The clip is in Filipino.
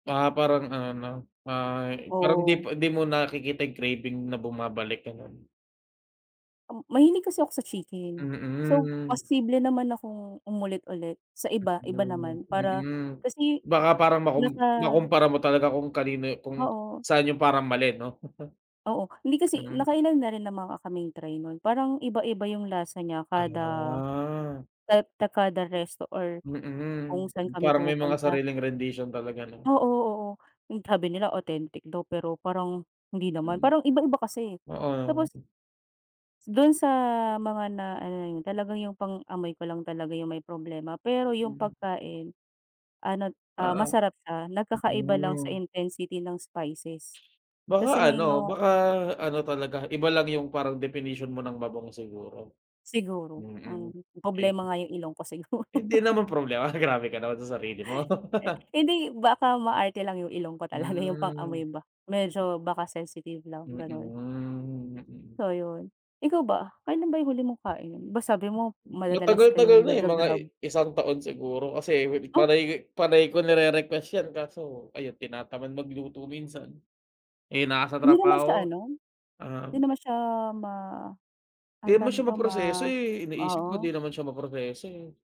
Ah, parang ano, 'no, ah, parang 'di Oo. pa 'di mo nakikita, yung craving na bumabalik ganun. Mm, mahilig kasi ako sa chicken, so, Mm. posible naman akong umulit-ulit sa iba, iba Mm, naman, para mm, kasi baka, parang makum naka. makumpara mo talaga kung kanino kung Oo. saan yung parang mali no. Oo, hindi, kasi, Mm. nakailan na rin namang kaming try nun parang iba-iba yung lasa niya kada Ah. et ta kada resto or kung Mm, saan kami parang may mga pumupunta. sariling rendisyon talaga 'no? Oo, oo, yung tabi nila authentic daw, pero, parang hindi naman, Mm. parang iba-iba kasi eh, Oo. tapos dun sa, mga na, ano na yun, talagang yung pang-amoy ko lang talaga yung may problema, pero yung Mm. pagkain, ano, A ah, ah, masarap siya nagkakaiba lang sa mm. intensity ng spices, Baka kasi ano, may na baka ano talaga iba lang yung parang definition mo ng mabango siguro, Siguro, mm, ang ayun. problema nga yung ilong ko siguro. Hindi naman problema, grabe ka naman sa sarili mo. Eh hindi, baka maarte lang yung ilong ko talaga yung Mm. pang-amoy ba, medyo baka sensitive lang ganon. Mhm. So ayun, ikaw ba? Kailan ba yung huli mong kain, ba sabi mo madadalas kayong Matagal-tagal na eh, mga naga-grab? isang taon siguro, kasi, Oh. panay panay ko nire-request yan kaso, ayun, tinatamad magluto minsan, eh, nasa Hindi naman sa trabaho, ano? ah. 'Di naman siya ma 'Di anong tawag naman siya nito, ma maproseso eh, iniisip ko, 'di oo. naman siya maproseso.